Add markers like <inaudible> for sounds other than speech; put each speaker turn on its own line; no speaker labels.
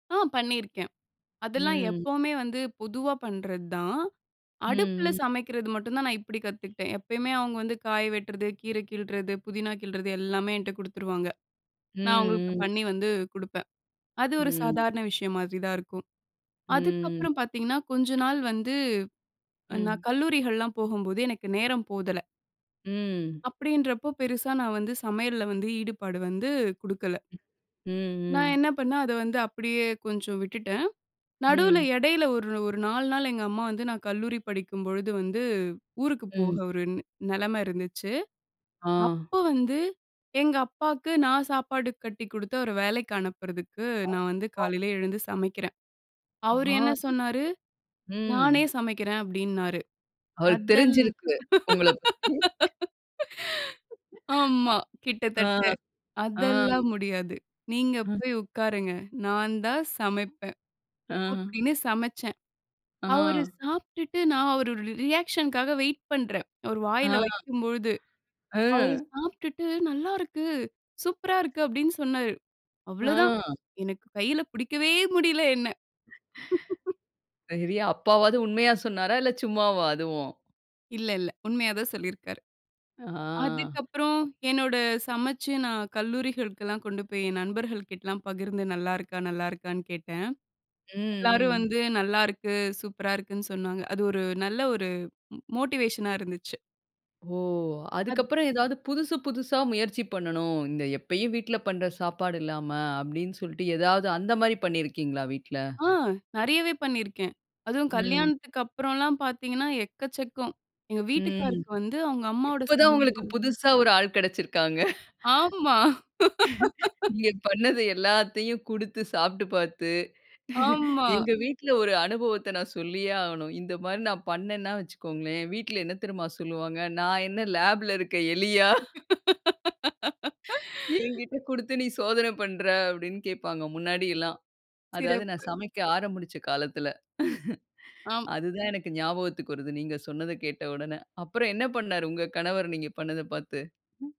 ஆ பண்ணியிருக்கேன். அதெல்லாம்
ம்.
எப்பவுமே வந்து பொதுவா பண்றது தான். அடுப்புல
ம், ம்.
சமைக்கிறது மட்டும் தான் நான் இப்டி கத்துக்கிட்டேன். எப்பயுமே அவுங்க வந்து காய வெட்றது, கீரை கிள்றது, புதினா கிள்றது எல்லாமே என்ட்ட குடுத்துருவாங்க. நான் அவங்களுக்கு
ம், ம்.
பண்ணி வந்து குடுப்பேன். அது ஒரு
ம்.
சாதாரண விஷயம் மாதிரி தான் இருக்கும்.
ம், ம்.
அதுக்கப்புறம் பாத்தீங்கன்னா கொஞ்ச நாள் வந்து,
ம்.
நான் கல்லூரிகள்லாம் போகும்போது எனக்கு நேரம் போதல.
ம்.
அப்டின்றப்போ பெருசா நான் வந்து சமையல்ல வந்து ஈடுபாடு வந்து குடுக்கல.
ம்,
நான்
ம்.
என்ன பண்ணேன், அத வந்து அப்டியே கொஞ்சம் விட்டுட்டேன். நடுவுல
ம்.
இடையில ஒரு ஒரு 4 நாள் எங்க அம்மா வந்து நான் கல்லூரி படிக்கும்பொழுது வந்து, ஊருக்கு போக
ம்.
ஒரு நெலம இருந்துச்சு.
ஆ.
அப்ப வந்து எங்க அப்பாக்கு நான் சாப்பாடு கட்டி குடுத்து அவர வேலைக்கு அனுப்புறதுக்கு, நான் வந்து
<unintelligible>
காலையில எழுந்து சமைக்கிறன். அவரு என்ன
ஆம்.
சொன்னாரு? நானே
ம்.
சமைக்கிறேன் அப்டின்னாரு.
அது
அதல்
தெரிஞ்சிருக்கு. உங்களப் பத்தி. ம். <chuckles>
<laughs> ஆமா,
ஆ.
கிட்டத்தட்ட.
ஆம்.
அதெல்லாம் முடியாது. நீங்க
ம்.
போய் உட்காருங்க. நான் தான் சமைப்பேன்,
ஆ.
அப்டின்னு சமைச்சேன். அவுரு
ஆ.
சாப்ட்டுட்டு நான் அவரு ஒரு ரியாக்ஷன்க்காக வெயிட் பண்றன். அவர்
ஆ.
வாயில வைக்கும் பொழுது. அவர்
அ.
சாப்ட்டுட்டு நல்லா இருக்கு, சூப்பரா இருக்கு அப்டின்னு சொன்னாரு அவ்ளோதான்.
ஆ.
எனக்கு கையில பிடிக்கவே முடில என்ன. <chuckles>
சரி. அப்பாவாவது உண்மையா சொன்னாரா? இல்ல சும்மாவா அதுவும்?
இல்ல, இல்ல. உண்மையாதான் சொல்லியிருக்காரு.
ஆ.
அதுக்கப்புறம் என்னோட சமச்சு நான் கல்லூரிகளுக்குலாம் கொண்டு போய், என் நண்பர்கள் கிட்டலாம் பகிர்ந்து நல்லா இருக்கா? நல்லா இருக்கான்னு கேட்டேன்.
ம்,
எல்லாரும்
ம்.
வந்து நல்லாருக்கு, சூப்பரா இருக்குன்னு சொன்னாங்க. அது ஒரு நல்ல ஒரு மோ மோட்டிவேஷனா இருந்துச்சு.
ஓ!
அது
அதுக்கப்புறம் ஏதாவது புதுசு புதுசா முயற்சி பண்ணணும். இந்த எப்பயும் வீட்ல பண்ற சாப்பாடு இல்லாம அப்டினு சொல்ட்டு, ஏதாவது அந்த மாரி பண்ணியிருக்கீங்களா வீட்ல?
ஆ. நெறையவே பண்ணியிருக்கேன். அதுவும்
ம்.
கல்யாணத்துக்கு அப்புறம்லாம் பாத்தீங்கன்னா எக்கச்சக்கம். எங்க
ம்.
வீட்டுக்காருக்கு வந்து அவங்க அம்மாவோட
இப்ப தான் உங்களுக்கு
சமையல்
புதுசா ஒரு ஆள் கெடச்சிருக்காங்க.
ஆமா.
<laughs>
<laughs>
இங்க பண்ணது எல்லாத்தையும் குடுத்து சாப்ட்டு பாத்து, <laughs>
ஆமா.
எங்க வீட்ல ஒரு அனுபவத்த நான் சொல்லியே ஆவனும். இந்த மாரி நான் பண்ணனன்னா வச்சிக்கோங்களேன். வீட்ல என்ன தெரியுமா சொல்வாங்க, நான் என்ன லேப்ல இருக்க எலியா?
<laughs>
என்கிட்ட குடுத்து நீ சோதன பண்ற அப்டின்னு கேப்பாங்க, முன்னாடி எல்லாம். அதாவது நான்
சிறப்பு.
சமைக்க ஆரம்பிச்ச காலத்துல. <laughs>
ஆம்.
அதுதான் எனக்கு ஞாபகத்துக்கு வருது. நீங்க சொன்னத கேட்ட உடனே. அப்புறம் என்ன பண்ணாரு உங்க கணவர் நீங்க பண்ணத பாத்து? ம்.